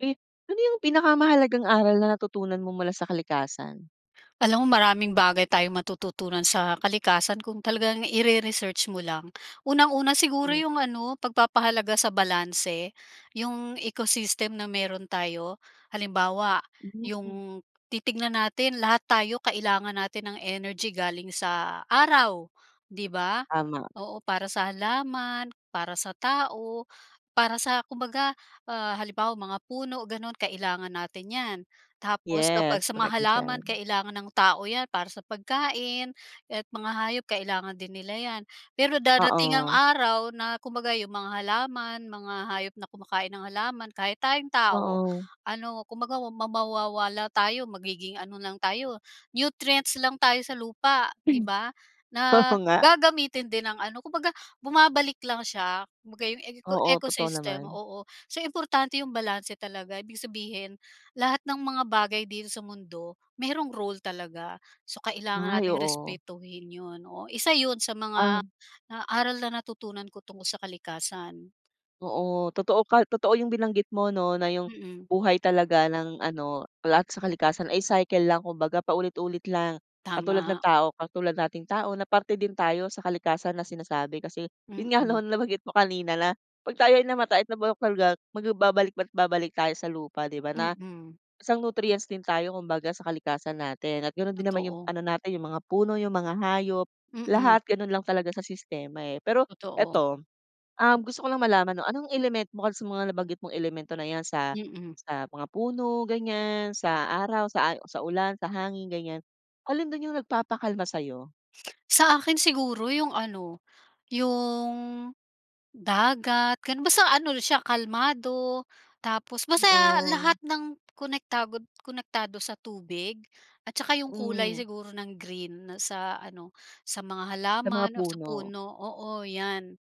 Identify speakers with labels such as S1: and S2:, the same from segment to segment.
S1: Eh, ano yung pinakamahalagang aral na natutunan mo mula sa kalikasan?
S2: Alam mo maraming bagay tayong matututunan sa kalikasan kung talagang ire-research mo lang. Unang-una siguro
S1: Mm.
S2: yung ano, pagpapahalaga sa balanse. 'Yong ecosystem na meron tayo, halimbawa
S1: Mm.
S2: 'yong titignan natin, lahat tayo kailangan natin ng energy galing sa araw, 'di ba?
S1: Tama.
S2: Oo, para sa halaman, para sa tao, para sa kumbaga, ah, halimbawa mga puno gano'n kailangan natin 'yan. Tapos kapag
S1: Yes,
S2: sa mga
S1: korek ka
S2: halaman
S1: diyan.
S2: kailangan ng tao 'yan para sa pagkain, at mga hayop kailangan din nila 'yan. Pero, darating ang
S1: Oo.
S2: araw na kumbaga 'yong mga halaman, mga hayop na kumakain ng halaman, kahit tayong tao,
S1: Oo.
S2: ano, kumbaga wa mawawala tayo, magiging ano lang tayo, nutrients lang tayo sa lupa, 'di ba?
S1: Oo
S2: Na,
S1: nga.
S2: gagamitin din ng ano, kumbaga bumabalik lang siya. Kumbaga 'yong eco
S1: Oo, totoo
S2: ecosystem,
S1: naman.
S2: oo. So importante 'yong balanse talaga, ibig sabihin lahat ng mga bagay dito sa mundo mayroong role talaga. So, kailangan
S1: Ay,
S2: nating
S1: oo.
S2: respetuhin 'yon, oo, isa 'yon sa
S1: Ah.
S2: mga, ah, aral na natutunan ko tungkol sa kalikasan.
S1: Oo. Totoo ka totoo 'yong binanggit mo 'no, na 'yong
S2: Mm.
S1: buhay talaga ng ano, lahat sa kalikasan ay cycle lang, kumbaga paulit-ulit lang, katulad ng
S2: Tama.
S1: tao. Katulad nating tao na parte din tayo sa kalikasan na sinasabi. Kasi 'yon nga
S2: Mm.
S1: 'no, nabanggit mo kanina na 'pag tayo ay namatay at nabulok talaga, magbabalik at babalik tayo sa lupa 'di ba, na
S2: Mm.
S1: isang nutrients din tayo kumbaga sa kalikasan natin at gano'n din naman 'yong
S2: Totoo.
S1: ano natin, 'yong mga puno, 'yong mga hayop,
S2: Mm.
S1: lahat gano'n lang talaga sa sistema eh. Pero
S2: Totoo.
S1: eto, um, gusto ko lang malaman 'no, anong element mo kasi sa mga nabanggit mong elemento na yan, sa
S2: Mm.
S1: sa mga puno ganyan, sa araw, sa sa ulan, sa hangin, ganyan. Alin dun yung nagpapakalma sa'yo?
S2: Sa akin siguro yung ano, yung dagat, ganun. Basta ano siya kalmado tapos basta lahat
S1: Oo.
S2: ng konektago konektado sa tubig at saka 'yong kulay
S1: Hmm.
S2: siguro ng green sa ano, sa mga
S1: Sa mga
S2: halaman o sa
S1: puno.
S2: puno. Oo 'yan,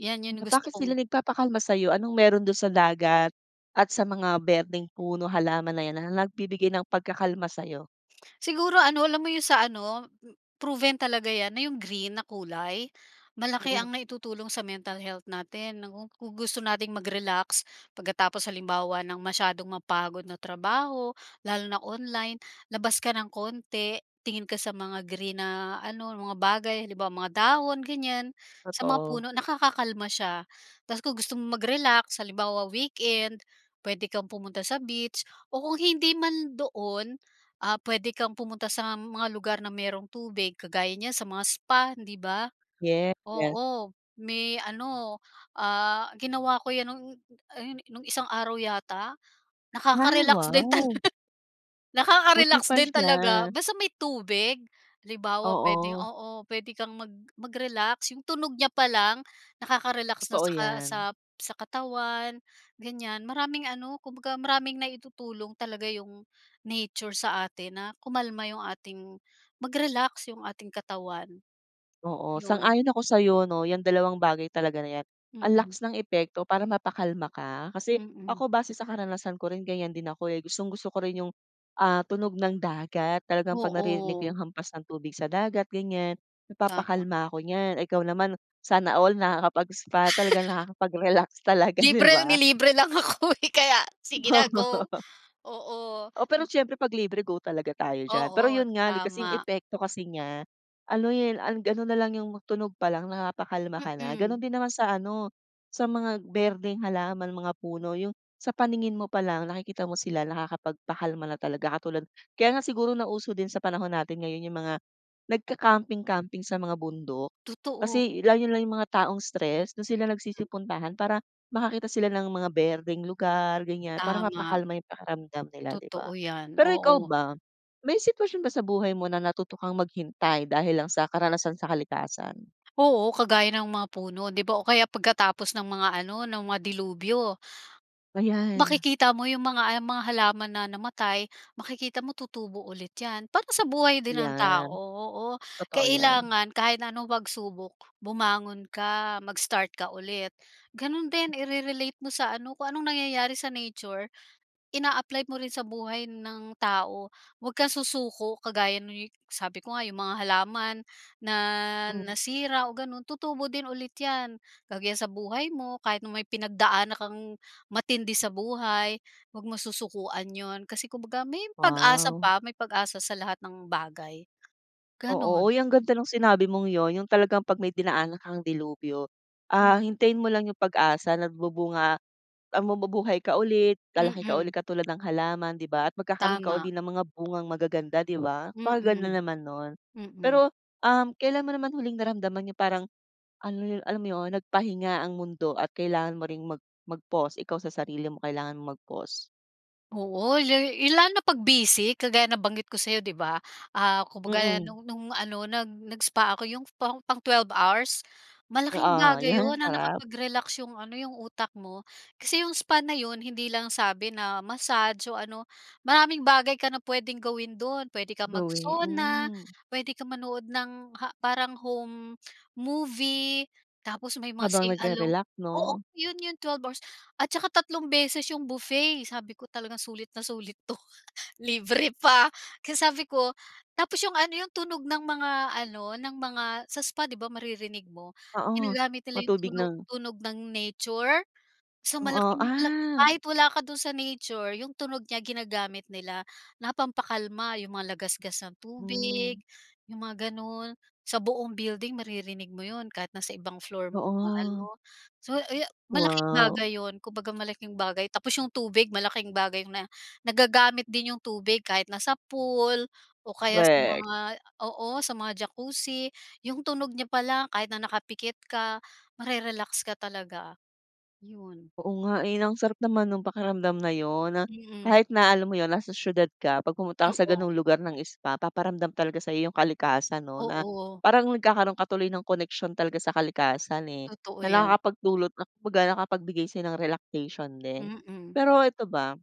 S2: 'yan 'yon gusto
S1: Bakit sila
S2: kong
S1: nagpapakalma sa'yo? Anong meron dun sa dagat at sa mga berdeng puno, halaman na yan, na nagbibigay ng pagkakalma sa'yo?
S2: Siguro ano, alam mo 'yong sa ano, proven talaga 'yan na 'yong green na kulay malaki
S1: Mm.
S2: ang naitutulong sa mental health natin. Naku, kung gu gusto nating mag-relax pagkatapos halimbawa ng masyadong mapagod na trabaho lalo na online, labas ka ng konti, tingin ka sa mga green na ano, mga bagay. Halimbawa, mga dahon, ganyan. Sa mga
S1: Totoo.
S2: puno, nakakakalma siya. Tapos kung gusto mong mag-relax, halimbawa weekend, puwede kang pumunta sa beach o kung hindi man doon, ah, puwede kang pumunta sa mga lugar na mayroong tubig kagaya niyan sa mga spa, hindi ba?
S1: Yeah. [unintelligible]
S2: Oo, may ano, ah, ginawa ko yun no'ng ayun, nung isang araw yata?
S1: Ay,
S2: Nakaka-relax din tala
S1: wow! Buti
S2: nakaka-relax
S1: pa
S2: din talaga
S1: siya.
S2: basta may tubig. Halimbawa, puwedeng
S1: Oo.
S2: oo, puwede kang mag mag-relax. 'Yong tunog niya pa lang nakaka-relax na
S1: Totoo
S2: saka
S1: yan.
S2: sa sa katawan, ganyan. Maraming ano, kumbaga maraming naitutulong talaga 'yong nature sa atin na kumalma 'yong ating mag-relax 'yong ating katawan,
S1: Oo,
S2: 'yon.
S1: sang-ayon ako sa 'yo 'no. 'Yang dalawang bagay talaga na yan, ang
S2: Mm.
S1: lakas ng epekto para mapakalma ka. Kasi
S2: Mm.
S1: ako, base sa karanasan ko rin, ganyan din ako eh. Gustong-gusto ko rin 'yong, ah, tunog ng dagat. Talagang 'pag naririnig ko
S2: Oo.
S1: 'yong hampas ng tubig sa dagat ganyan,
S2: Tama.
S1: napapakalma ako niyan. Ikaw naman, sana all nakakapag-spa. Talagang nakakapag-relax talaga 'di
S2: Libre!
S1: ba?
S2: Nilibre lang ako, eh, kaya sige na go!
S1: Oo.
S2: Oo.
S1: Oo, pero siyempre 'pag libre, go talaga tayo diyan. Pero
S2: Oo,
S1: 'yon nga, kasi yung
S2: tama.
S1: epekto kasi niya, ano eh, ga ano nalang 'yong tunog pa lang napapakalma ka na. Gano'n
S2: Mhm.
S1: din naman sa ano, sa mga berdeng halaman, mga puno, 'yong sa paningin mo pa lang, nakikita mo sila nakakapagpakalma na talaga. Katulad kaya nga siguro nauso din sa panahon natin ngayon yung mga nagka-camping camping sa mga bundok.
S2: Totoo.
S1: Kasi lalo lang yung mga taong stress dun sila nagsisipuntahan para makakita sila ng mga berdeng lugar ganyan, para
S2: Tama.
S1: mapakalma yung pakiramdam nila di ba?
S2: Totoo yan,
S1: Pero ikaw
S2: oo.
S1: ba, may sitwasyon ba sa buhay mo na natuto kang maghintay dahil lang sa karanasan sa kalikasan?
S2: Oo, kagaya ng mga puno di ba o kaya pagkatapos ng mga ano, ng mga delubyo.
S1: Ayan.
S2: Makikita mo yung mga ang mga halaman na namatay, makikita mo tutubo ulit yan. Parang sa buhay din ng tao,
S1: Yan,
S2: oo.
S1: totoo yan.
S2: Kailangan kahit na anong pagsubok bumangon ka, mag-start ka ulit. Ganun din, ire-relate mo sa ano, kung anong nangyayari sa nature, ina-apply mo rin sa buhay ng tao. Huwag kang susuko kagaya ng [unintelligible] sabi ko nga 'yong mga halaman na
S1: Mm.
S2: nasira o gano'n tutubo din ulit 'yan. Kagaya sa buhay mo, kahit na may pinagdaan kang matindi sa buhay, 'wag mo susukuan 'yon. Kasi kumbaga may pag-asa
S1: Wow!
S2: pa. May pag-asa sa lahat ng bagay,
S1: Oo,
S2: gano'n.
S1: uy ang ganda ng sinabi mong 'yon. 'Yong talagang 'pag may dinaanan kang delubyo, ah,
S2: Mm.
S1: hintayin mo lang 'yong pag-asa. Nagbubunga ah, mabubuhay ka ulit, lalaki ka ulit
S2: Mm.
S1: katulad ng halaman 'di ba, at magkakaroon ka
S2: Tama.
S1: uli ng mga bungang magaganda, 'di ba. Napakaganda
S2: Mm.
S1: naman no'n.
S2: Mm.
S1: Pero, um, kailan mo naman huling naramdaman yung parang ano, alam mo 'yon, nagpahinga ang mundo at kailangan mo ring mag mag-pause. Ikaw sa sarili mo, kailangan mong mag-pause?
S2: Oo, la i lalo na 'pag busy, kagaya nabanggit ko sa'yo, 'di ba. Ah, kumbaga
S1: Mm.
S2: no'ng no'ng ano, nag nag-spa ako 'yong pang pang 12 hours, malaking
S1: Oo,
S2: bagay
S1: yun,
S2: 'yon na
S1: sarap.
S2: nakapag-relax 'yong ano, 'yong utak mo. Kasi 'yong spa na 'yon, hindi lang sabi na massage o ano, maraming bagay ka na puwedeng gawin do'n. Puwede kang
S1: Gawi,
S2: mag-sauna,
S1: hmm.
S2: puwede ka manood ng ha parang home movie, tapos may mga
S1: Habang
S2: sing along
S1: nagre-relax,
S2: oo,
S1: 'no?
S2: 'yon 'yong twelve hours. At tsaka tatlong beses 'yong buffet. Sabi ko, "Talagang sulit na sulit 'to, libre pa." Kaya sabi ko tapos 'yong ano 'yong tunog ng mga ano, ng mga sa spa 'di ba, maririnig mo,
S1: Oo.
S2: ginagamit nila 'yong
S1: Matubig
S2: tunog
S1: na.
S2: tunog ng nature. So,
S1: Oo,
S2: malaking la
S1: ah.
S2: kahit wala ka do'n sa nature, 'yong tunog niya ginagamit nila na pampakalma. 'Yong mga lagasgas ng
S1: Hmm.
S2: tubig, 'yong mga gano'n. Sa buong building maririnig mo 'yon kahit nasa ibang floor mo
S1: Oo.
S2: maano. So, ayo malaking
S1: Wow.
S2: bagay 'yon, kumbaga malaking bagay tapos 'yong tubig, malaking bagay na nagagamit din 'yong tubig kahit nasa pool o kaya sa
S1: Korek.
S2: mga oo, sa mga Jacuzzi. 'Yong tunog niya pa lang, kahit na nakapikit ka, ma-re-relax ka talaga, yun.
S1: Oo nga eh, na ang sarap naman nung pakiramdam na 'yon na,
S2: Mm.
S1: kahit na alam mo 'yon, nasa siyudad ka, 'pag pumunta ka sa
S2: Oo.
S1: ganong lugar ng spa, paparamdam talaga sa iyo 'yong kalikasan 'no, na
S2: Oo.
S1: parang nagkakaroon ka tuloy ng koneksyon talaga sa kalikasan eh,
S2: Totoo
S1: na
S2: yan.
S1: nakakapagdulot ng, kumbaga nakapagbigay sa'yo ng relaxation din.
S2: Mm.
S1: Pero ito ba,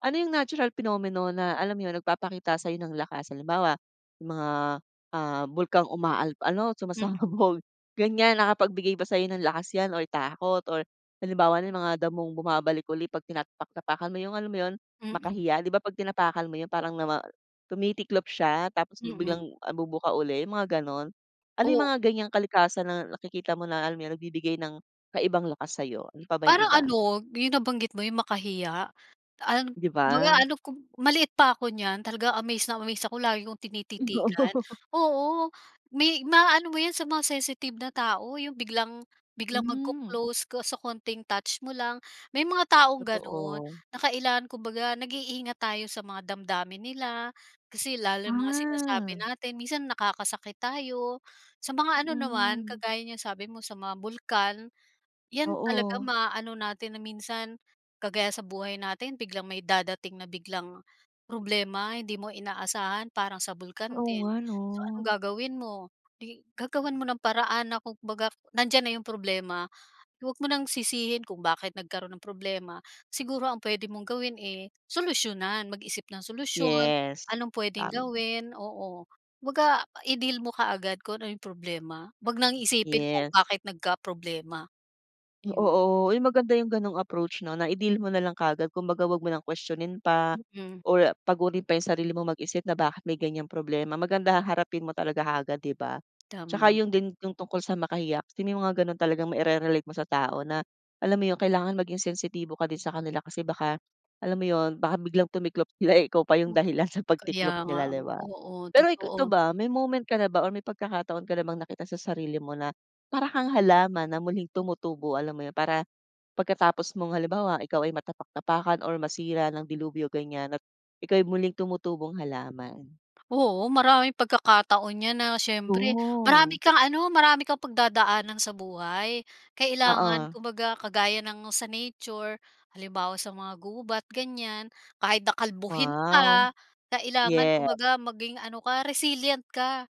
S1: ano yung natural phenomenon na alam mo 'yon? Nagpapakita sayo ng lakas? Halimbawa, yung mga, ah, bulkang umaal ano,
S2: Mm.
S1: sumasabog ganyan, nakapagbigay ba sayo ng lakas 'yan or takot or, halimbawa nalang mga damong bumabalik uli 'pag tinatapak-tapakan mo, 'yong alam mo 'yon?
S2: Mm.
S1: Makahiya, 'di ba 'pag tinapakan mo 'yon parang nama tumitiklop siya tapos
S2: Mm.
S1: biglang, ah, bubuka uli yung mga ganun. Ano 'yong
S2: O
S1: mga ganyang kalikasan na nakikita mo na alam mo yun? Nagbibigay ng kaibang lakas sayo? Ano pa ba 'yong
S2: Parang
S1: iba?
S2: ano, 'yong nabanggit mo, 'yong makahiya, ah,
S1: 'Di
S2: kumbaga
S1: ba?
S2: ano 'ko maliit pa ako niyan. Talaga amaze na amaze ako, lagi kong tinititigan.
S1: [unintelligible]
S2: Oo, may maaano mo 'yan sa mga sensitive na tao, 'yong biglang biglang
S1: Hmm.
S2: mag-co-close ko sa konting touch mo lang. May mga taong gano'n
S1: Totoo.
S2: na kailangan kumbaga nag-iingat tayo sa mga damdamin nila, kasi lalo yung mga sinasabi
S1: Ah.
S2: natin, minsan nakakasakit tayo. Sa mga ano naman,
S1: Hmm.
S2: kagaya niyang sabi mo sa mga bulkan, 'yan talaga
S1: Oo.
S2: maaano natin na minsan, kagaya sa buhay natin biglang may dadating na biglang problema, hindi mo inaasahan parang sa bulkan
S1: Oo
S2: din.
S1: nga
S2: So, anong
S1: 'no?
S2: gagawin mo? 'Di, gagawan mo ng paraan na kumbaga, nandiyan na 'yong problema, huwag mo nang sisihin kung bakit nagkaroon ng problema. Siguro ang puwede mong gawin eh, solusyonan, mag-isip ng solusyon,
S1: Yes.
S2: anong puwedeng
S1: Tama.
S2: gawin? Oo. Kumbaga, i-deal mo kaagad kung ano 'yong problema. Huwag nang isipin kung
S1: Yes.
S2: bakit nagkaproblema. Ayon.
S1: Oo. Uy, maganda 'yong ganong approach 'no, na i-deal mo na lang kaagad. Kumbaga huwag mo nang questionin pa,
S2: Mm.
S1: or pagurin pa 'yong sarili mo mag-isip na bakit may ganyang problema. Maganda haharapin mo talaga kaagad 'di ba. Tsaka
S2: Tama.
S1: 'yon din 'yong tungkol sa makahiya, kung sino mga gano'n, talagang mai-re-relate mo sa tao na, alam mo 'yon? Kailangan maging sensitibo ka din sa kanila kasi baka, alam mo 'yon, baka biglang tumiklop sila eh, ikaw pa 'yong dahilan sa
S2: Kaya
S1: pagtiklop
S2: nga
S1: nila
S2: ano?
S1: 'di ba.
S2: Oo,
S1: Pero ik
S2: totoo.
S1: ito ba, may moment ka na ba or may pagkakataon ka na bang nakita sa sarili mo na, para kang halaman na muling tumutubo? Alam mo yun? Para pagkatapos mong halimbawa, ikaw ay matapak-tapakan or masira ng dilubyo ganyan, at ika'y muling tumutubong halaman.
S2: Oo, maraming pagkakataon niyan na siyempre, marami
S1: Ooh.
S2: kang ano, marami kang pagdadaanan sa buhay. Kailangan
S1: Oo.
S2: kumbaga kagaya ng sa nature, halimbawa sa mga gubat ganyan, kahit na kalbuhin
S1: Wow.
S2: ka, kailangan
S1: Yes.
S2: kumbaga maging ano ka, resilient ka.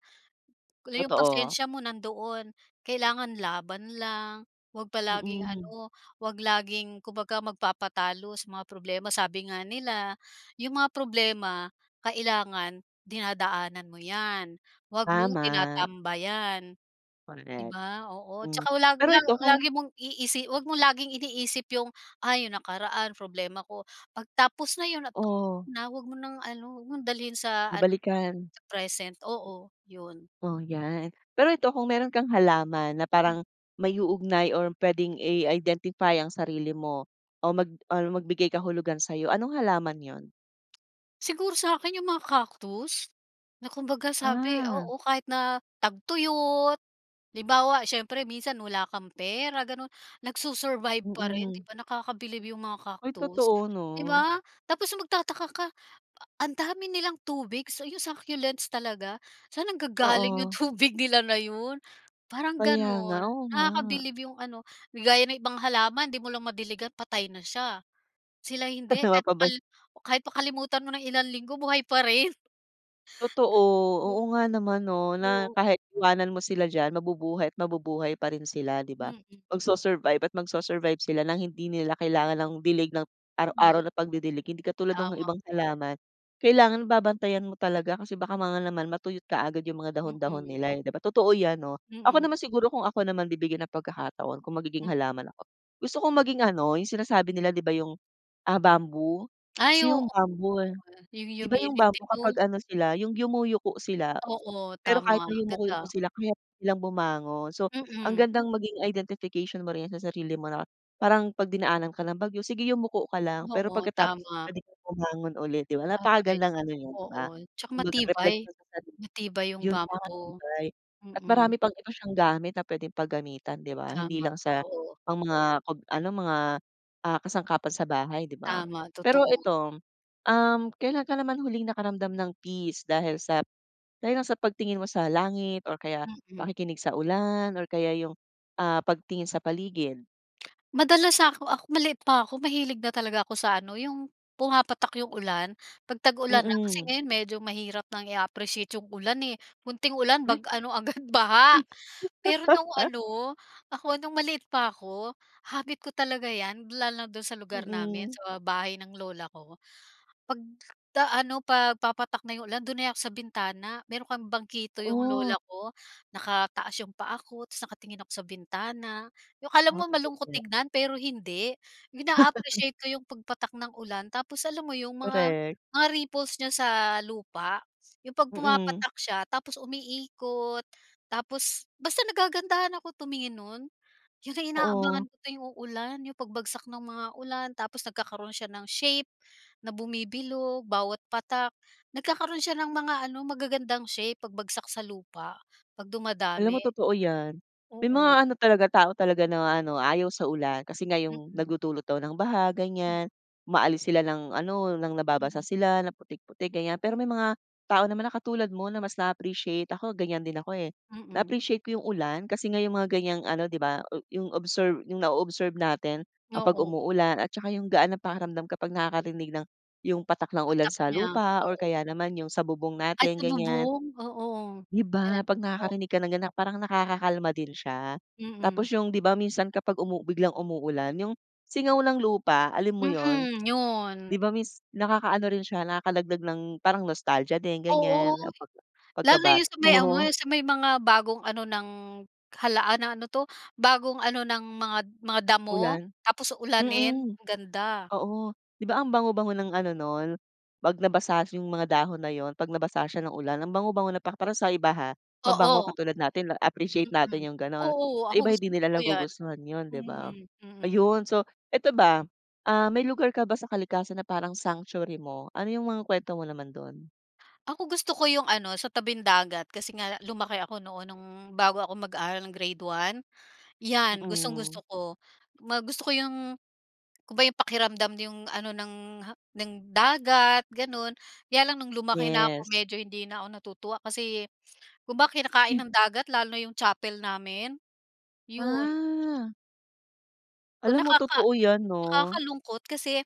S2: Yung
S1: Totoo.
S2: pasensya mo nandoon, kailangan laban lang. Huwag palaging
S1: Mm.
S2: ano, huwag laging, kumbaga magpapatalo sa mga problema. Sabi nga nila, "Yung mga problema, kailangan dinadaanan mo yan, wag mong
S1: Tama.
S2: tinatambayan." 'Di
S1: Correct.
S2: ba? Oo.
S1: Hmm.
S2: Tsaka wala
S1: Pero
S2: la
S1: ito kung
S2: lagi mong iisi huwag mong laging iniisip 'yong, "Ah, 'yong nakaraan problema ko." 'Pag tapos na 'yon at
S1: Ooh.
S2: na [unintelligible] 'wag mo nang ano, wag mong dalhin sa ano,
S1: Nabalikan.
S2: sa present. Oo, 'yon.
S1: O, yan. Pero ito, kung meron kang halaman na
S2: Hmm.
S1: parang maiuugnay or pwedeng i-identify ang sarili mo o mag or magbigay kahulugan sa'yo, anong halaman yun?
S2: Siguro sa akin yung mga cactus, na kumbaga sabi
S1: Ah.
S2: oo, kahit na tagtuyot. Halimbawa, siyempre minsan wala kang pera ganun. Nag-su-survive pa rin,
S1: Mm.
S2: 'di ba, nakakabilib yung mga
S1: Ay
S2: cactus.
S1: totoo
S2: 'Di
S1: 'no.
S2: ba? Tapos magtataka ka, ang dami nilang tubig sa yung succulents talaga. Saan nanggagaling yung
S1: Oo.
S2: tubig nila na yun? Parang
S1: Kaya nga,
S2: ganun.
S1: oo nga.
S2: Nakakabilib yung ano, 'di gaya ng ibang halaman 'di mo lang madiligan, patay na siya. Sila hindi, kahit makal
S1: Mapabay
S2: kahit makalimutan mo ng ilang linggo, buhay pa rin.
S1: Totoo,
S2: O
S1: oo nga naman 'no na
S2: oo.
S1: kahit iwanan mo sila diyan, mabubuhay at mabubuhay pa rin sila, 'di ba.
S2: Mm.
S1: Mag-su-survive at mag-su-survive sila ng hindi nila kailangan ng dilig ng araw-araw
S2: Oo.
S1: na pagdidilig. Hindi katulad nung
S2: Tama.
S1: ibang halaman, kailangan babantayan mo talaga kasi baka ma nga naman matuyot kaagad yung mga dahon-dahon
S2: Mm.
S1: nila, eh, 'di ba. Totoo yan 'no. Ako
S2: Mm.
S1: naman siguro, kung ako naman bibigyan ng pagkakataon, kung magiging halaman ako, gusto kong maging ano, yung sinasabi nila di ba, yung, ah, bamboo.
S2: Ay
S1: Kasi
S2: oo,
S1: yung bamboo eh,
S2: yung
S1: 'di ba, yung
S2: humility
S1: bamboo
S2: 'no?
S1: kapag ano sila, yung yumuyuko sila.
S2: Oo,
S1: Pero kahit
S2: tama,
S1: na yumuko-yuko
S2: ganda.
S1: sila, kaya nilang bumangon. So, ang
S2: Mm.
S1: gandang maging identification mo rin yan sa sarili mo na parang 'pag dinaanan ka ng bagyo, sige yumuko ka lang, pero
S2: Oo,
S1: pagkatapos
S2: tama.
S1: puwede kang bumangon ulit, 'di ba?
S2: Tatay,
S1: Napakagandang ano yun, 'di
S2: oo.
S1: ba,
S2: Tsaka
S1: kumbaga
S2: matibay,
S1: repleksyon sa sarili.
S2: matibay yung
S1: Yung
S2: bamboo.
S1: magpapatibay at marami
S2: Mm.
S1: pang ito siyang gamit na puwedeng paggamitan, 'di ba. Hindi
S2: Tama,
S1: lang sa
S2: totoo.
S1: mga pag ano, mga, ah, kasangkapan sa bahay, 'di ba.
S2: Tama,
S1: Pero
S2: totoo.
S1: ito, um, kailan ka naman huling nakaramdam ng peace dahil sa dahil lang sa pagtingin mo sa langit or kaya
S2: Mm.
S1: pakikinig sa ulan or kaya yung, ah, pagtingin sa paligid?
S2: Madalas ako ako maliit pa ako mahilig na talaga ako sa ano yung pumapatak yung ulan, 'pag tag-ulan na kasi
S1: Mm.
S2: ngayon medyo mahirap nang i-appreciate yung ulan eh, konting ulan bag
S1: Ay!
S2: ano agad baha.
S1: Mis
S2: Pero nung ano ako no'ng maliit pa ako, habit ko talaga 'yan lalo na do'n sa lugar namin
S1: Mm.
S2: sa bahay ng lola ko. 'Pag da ano' 'pag papatak na yung ulan do'n na ako sa bintana. Meron kaming bangkito yung
S1: Oo.
S2: lola ko, nakataas yung paa ko tas nakatingin ako sa bintana yung akala
S1: Ah,
S2: mo
S1: totoo
S2: malungkot
S1: 'yan.
S2: tignan pero hindi. Yung naa-appreciate ko yung pagpatak ng ulan. Tapos alam mo yung mga
S1: Korek.
S2: mga ripples niya sa lupa yung 'pag
S1: Mm.
S2: pumapatak siya tapos umiikot tapos basta nagagandahan ako tumingin nun. Yun ang
S1: Oo.
S2: inaabangan ko tuwing uulan yung pagbagsak ng mga ulan tapos nagkakaroon siya ng shape na bumibilog, bawat patak nagkakaroon siya ng mga ano magagandang shape pagbagsak sa lupa, 'pag
S1: Alam
S2: dumadami.
S1: mo totoo 'yan. May mga
S2: Oo.
S1: ano talaga, tao talaga na ano ayaw sa ulan kasi nga yung
S2: Mm.
S1: nagdudulot daw ng baha
S2: Mm.
S1: ganyan, umaalis sila ng ano ng nababasa
S2: Mm.
S1: sila ng putik-putik, ganyan. Pero may mga tao naman na katulad mo na mas naa-appreciate ako ganyan din ako eh.
S2: Mm.
S1: Na-appreciate ko yung ulan kasi yung mga ganyang ano, 'di ba, o yung observe yung na-o-observe natin kapag
S2: Oo.
S1: umuulan at saka yung gaan ng pakiramdam kapag nakakarinig ng yung patak ng ulan
S2: Patak
S1: sa
S2: niya,
S1: lupa or
S2: oo.
S1: kaya naman yung sa bubong
S2: Ay
S1: natin
S2: sa
S1: ganyan.
S2: bubong, oo.
S1: 'Di
S2: Yes
S1: ba, 'pag
S2: po.
S1: nakakarinig ka ng ganyan parang nakakakalma din siya.
S2: Mm.
S1: Tapos yung di ba minsan kapag umu biglang umuulan, yung singaw ng lupa, alam mo yun,
S2: Mm,
S1: 'di
S2: yun.
S1: ba miss nakakaano rin siya nakakadagdag ng parang nostalgia din
S2: Oo,
S1: ganyan, pagka
S2: lalo na yung
S1: pagkabata
S2: sa may ano,
S1: mo.
S2: yun sa may mga bagong ano ng halaan na ano 'to, bagong ano ng mga mga damo
S1: Ulan.
S2: tapos ulanin,
S1: Mm,
S2: ganda.
S1: oo. 'Di ba, ang bango-bango ng ano nun, 'pag nabasa yung mga dahon na yun, 'pag nabasa siya ng ulan, ang bango-bango na pa para sa iba ha. Mabango,
S2: Oo.
S1: katulad natin na-appreciate
S2: Mm,
S1: natin yung gano'n.
S2: oo,
S1: Sa
S2: ako
S1: iba hindi
S2: gustong gusto
S1: nila
S2: ko yan.
S1: nagugustuhan yun, 'di ba.
S2: Hmm, mm.
S1: Ayun so, ito ba ah may lugar ka ba sa kalikasan na parang sanctuary mo, ano yung mga kuwento mo naman do'n?
S2: Ako, gusto ko 'yong ano sa tabing-dagat kasi nga lumaki ako noon no'ng bago ako mag-aaral ng grade 1, 'yan gustong-gusto
S1: Mm.
S2: ko. Ma gusto ko 'yong kumba 'yong pakiramdam 'yong ano ng, ha ng dagat gano'n. Kaya lang no'ng lumaki na ako
S1: Yes.
S2: medyo hindi na ako natutuwa, kasi kumba kinakain
S1: Hmm.
S2: ng dagat lalo na 'yong chapel namin, 'yon.
S1: Ah. Alam mo,
S2: Nakaka
S1: totoo yan 'no.
S2: nakakalungkot kasi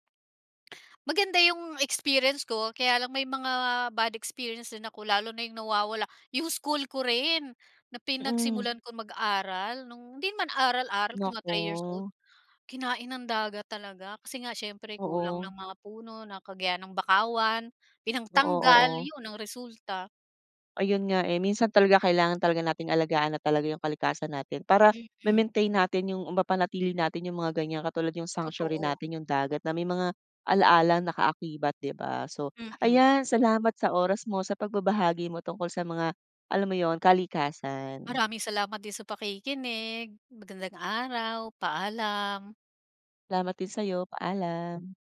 S2: maganda yung experience ko. Kaya lang may mga bad experience din ako, lalo na yung nawawala 'yong school ko rin na
S1: Mm.
S2: pinagsimulan kong mag-aral nong hindi man aral-aral, mga 3 years old,
S1: Naku.
S2: kinain ng dagat talaga kasi nga siyempre kulang
S1: Oo.
S2: ng mga puno ng kagaya ng bakawan,
S1: Oo,
S2: pinangtanggal,
S1: oo.
S2: 'yon ang resulta.
S1: Ayun nga, eh, minsan talaga kailangan talaga nating alagaan na talaga 'yong kalikasan natin para
S2: Mm.
S1: ma-maintain natin 'yong mapanatili natin 'yong mga ganyan katulad 'yong sanctuary
S2: Totoo.
S1: natin 'yong dagat na may mga ala-alang nakaakibat, 'di ba. So,
S2: Mm.
S1: ayan salamat sa oras mo sa pagbabahagi mo tungkol sa mga alam mo 'yon, kalikasan.
S2: Maraming salamat din sa pakikinig. Magandang araw, paalam.
S1: Salamat din sa'yo, paalam.